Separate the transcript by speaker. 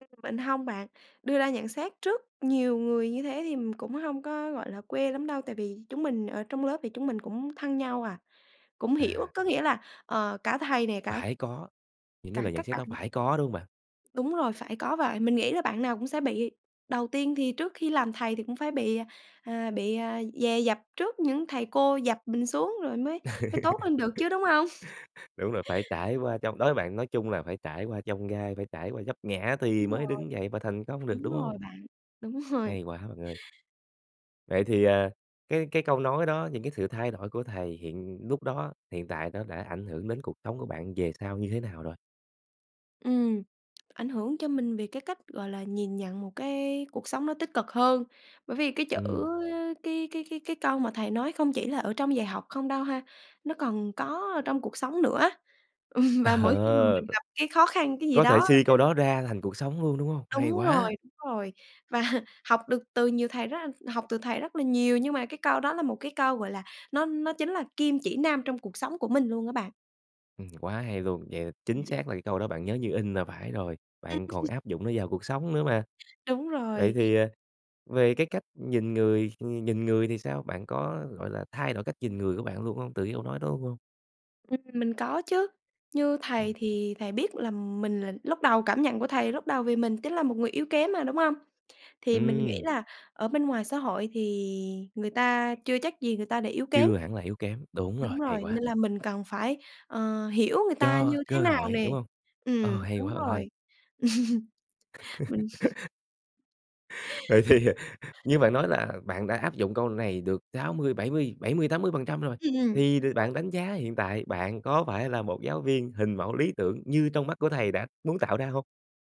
Speaker 1: Ừm, mình hông bạn, đưa ra nhận xét trước nhiều người như thế thì, ừm, cũng hông có, gọi là, quê lắm đâu. Tại vì chúng mình ở trong lớp thì chúng mình cũng thân nhau à, cũng hiểu,
Speaker 2: À.
Speaker 1: có nghĩa là, ờ, cả thầy nè, cả
Speaker 2: Phải có, những cái
Speaker 1: cả
Speaker 2: lời nhận
Speaker 1: các
Speaker 2: xét
Speaker 1: bạn
Speaker 2: đó phải có, đúng hông bạn?
Speaker 1: Đúng rồi, phải có vậy. Mình nghĩ là bạn nào cũng sẽ bị đầu tiên thì trước khi làm thầy thì cũng phải bị, à, bị, à, dè dập trước những thầy cô dập mình xuống rồi mới mới tốt lên được chứ, đúng hông?
Speaker 2: Đúng rồi, phải trải qua chông đối với bạn nói chung là phải trải qua chông gai, phải trải qua vấp ngã thì
Speaker 1: Đúng
Speaker 2: mới
Speaker 1: rồi.
Speaker 2: đứng dậy và thành công được,
Speaker 1: Đúng
Speaker 2: đúng
Speaker 1: rồi
Speaker 2: hông?
Speaker 1: bạn, đúng rồi.
Speaker 2: Hay quá bạn ơi. Vậy thì, ờ, cái cái câu nói đó, những cái sự thay đổi của thầy hiện lúc đó, hiện tại nó đã ảnh hưởng đến cuộc sống của bạn về sau như thế nào rồi?
Speaker 1: Ừm, ảnh hưởng cho mình về cái cách, gọi là, nhìn nhận một cái cuộc sống nó tích cực hơn. Bởi vì cái chữ
Speaker 2: Ừm.
Speaker 1: cái cái cái cái câu mà thầy nói không chỉ là ở trong dạy học không đâu ha. Nó còn có ở trong cuộc sống nữa á, ừm,
Speaker 2: Ờ,
Speaker 1: và mỗi khi mà
Speaker 2: ờ,
Speaker 1: mình gặp cái khó khăn, cái gì
Speaker 2: có
Speaker 1: đó
Speaker 2: thể
Speaker 1: á
Speaker 2: suy
Speaker 1: ha
Speaker 2: câu đó ra thành cuộc sống luôn, đúng hông? Hay
Speaker 1: Đúng rồi,
Speaker 2: quá.
Speaker 1: đúng rồi. Và học được từ nhiều thầy rất học từ thầy rất là nhiều, nhưng mà cái câu đó là một cái câu, gọi là, nó nó chính là kim chỉ nam trong cuộc sống của mình luôn á bạn.
Speaker 2: Ừm, quá hay luôn. Vậy chính
Speaker 1: Ừm.
Speaker 2: xác là cái câu đó bạn nhớ như in là phải rồi,
Speaker 1: Ừm.
Speaker 2: bạn còn áp dụng nó vào cuộc sống nữa mà.
Speaker 1: Đúng
Speaker 2: Vậy
Speaker 1: rồi.
Speaker 2: thì, ờ, về cái cách nhìn người ờ, nhìn người thì sao? Bạn có, gọi là, thay đổi cách nhìn người của bạn luôn hông từ cái câu nói luôn hông?
Speaker 1: Ừm, mình có chứ. Như
Speaker 2: Ừm.
Speaker 1: thầy thì thầy biết là mình là lúc đầu cảm nhận của thầy lúc đầu vì mình chính là một người yếu kém mà, đúng hông? Thì mình nghĩ
Speaker 2: Ừm.
Speaker 1: là ở bên ngoài xã hội thì người ta chưa chắc gì người ta đã yếu kém.
Speaker 2: Chưa hẳn là yếu kém, đúng
Speaker 1: Đúng
Speaker 2: rồi, hay
Speaker 1: rồi,
Speaker 2: quá.
Speaker 1: nên là mình cần phải, ờ, hiểu người ta
Speaker 2: Cho
Speaker 1: như thế
Speaker 2: cơ
Speaker 1: nào
Speaker 2: hội,
Speaker 1: nè,
Speaker 2: đúng hông? Ờ,
Speaker 1: ừm,
Speaker 2: hay
Speaker 1: đúng
Speaker 2: quá bạn
Speaker 1: rồi.
Speaker 2: ơi.
Speaker 1: Mình
Speaker 2: Vậy thì, ờ, như bạn nói là bạn đã áp dụng câu này được 60, bảy mươi bảy mươi, 80% rồi.
Speaker 1: Ừm, ừm,
Speaker 2: Thì, đ
Speaker 1: đúng rồi.
Speaker 2: bạn đánh giá hiện tại bạn có phải là một giáo viên hình mẫu lý tưởng như trong mắt của thầy đã muốn tạo ra hông?